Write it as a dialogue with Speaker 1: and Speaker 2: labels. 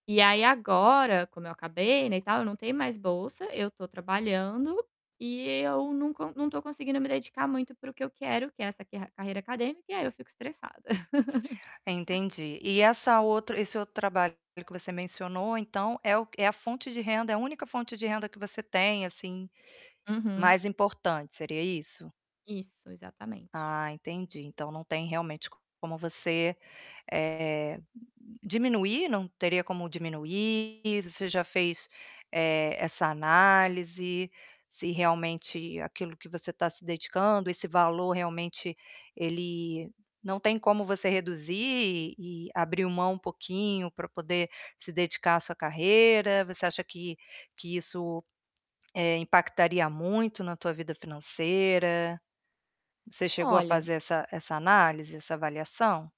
Speaker 1: E aí, agora, como eu acabei, né, e tal, não tem mais bolsa, eu estou trabalhando e eu não co não estou conseguindo me dedicar muito para o que eu quero, que é essa quer carreira acadêmica e aí eu fico estressada.
Speaker 2: Entendi. E essa outra esse outro trabalho, pelo que você mencionou, então é o é a fonte de renda é a única fonte de renda que você tem, assim,
Speaker 1: Uhum.
Speaker 2: mais importante, seria isso?
Speaker 1: Isso, exatamente.
Speaker 2: Ah, entendi então não tem realmente como você, eh, diminuir? Não teria como diminuir? Você já fez, eh, essa análise se realmente aquilo que você está se dedicando esse valor realmente ele não tem como você reduzir e abrir um mão um pouquinho para poder se dedicar à sua carreira? Você acha que que isso, eh, impactaria muito na tua vida financeira? Você chegou a
Speaker 1: Olha
Speaker 2: fazer essa essa análise, essa avaliação?